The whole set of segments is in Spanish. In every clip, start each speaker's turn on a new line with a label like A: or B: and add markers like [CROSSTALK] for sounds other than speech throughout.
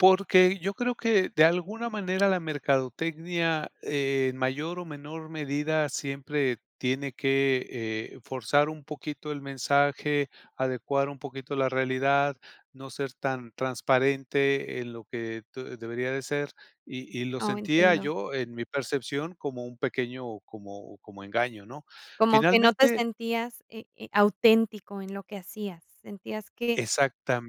A: Porque yo creo que de alguna manera la mercadotecnia, en mayor o menor medida, siempre tiene que, eh, forzar un poquito el mensaje, adecuar un poquito la realidad, no ser tan transparente en lo que te debería de ser y y lo
B: Oh,
A: sentía
B: entiendo.
A: yo, en mi percepción, como un pequeño, como como engaño, ¿no?
B: Como que no te
A: Finalmente
B: sentías, eh eh, auténtico en lo que hacías. Sentías que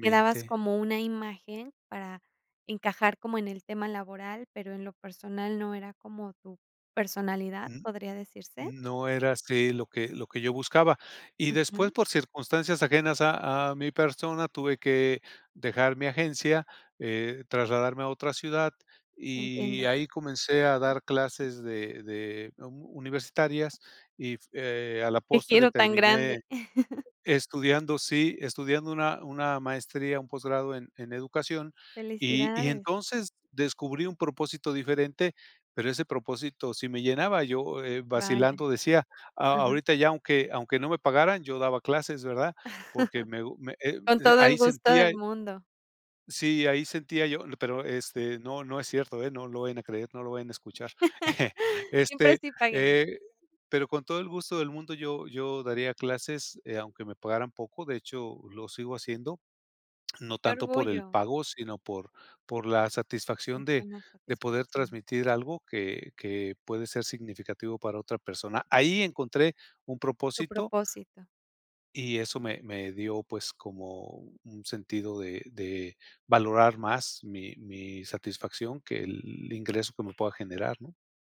B: que dabas como una imagen para encajar como en el tema laboral, pero en lo personal no era como tu personalidad,
A: N
B: ¿podría decirse?
A: n no era así lo que lo que yo buscaba. Y después,
B: Ujú.
A: por circunstancias ajenas a a mi persona, tuve que dejar mi agencia, eh, trasladarme a otra ciudad y
B: Entiendo.
A: ahí comencé a dar clases de de am, u universitarias, y f eh, a la
B: ¡Qué
A: postre
B: giro tan
A: terminé
B: grande! [CHUCKLES]
A: estudiando sí, estudiando una una maestría, un posgrado en en educación, y y
B: Felicidades.
A: entonces descubrí un propósito diferente, pero ese propósito sí me llenaba. Yo, eh,
B: Vaya.
A: vacilando decía, a
B: Ujú.
A: ahorita ya aunque aunque no me pagaran, yo daba clases, ¿verdad? Porque me gu me
B: [CHUCKLES]
A: he
B: Con
A: d
B: todo el
A: ahí
B: gusto
A: sentía
B: del
A: y
B: mundo.
A: Sí, ahí sentía yo le pero, este, no no es cierto, ¿eh? No lo vayan a creer, no lo vayan a escuchar. [CHUCKLES]
B: [LAUGHS] Siempre
A: Este,
B: sí paguen.
A: eh, pero con todo el gusto del mundo yo yo daría clases, eh, aunque me pagaran poco, de hecho, lo sigo haciendo, no
B: Qué
A: tanto por el
B: orgullo.
A: pago, sino por por la satisfacción
B: Esta
A: de
B: es la
A: de poder
B: satisfacción.
A: transmitir algo que que puede ser significativo para otra persona. Ahí encontré un
B: Tu
A: propósito
B: propósito.
A: y eso me me dio, pues, como un sentido de de valorar más mi mi satisfacción que el ingreso que me pueda generar, ¿no?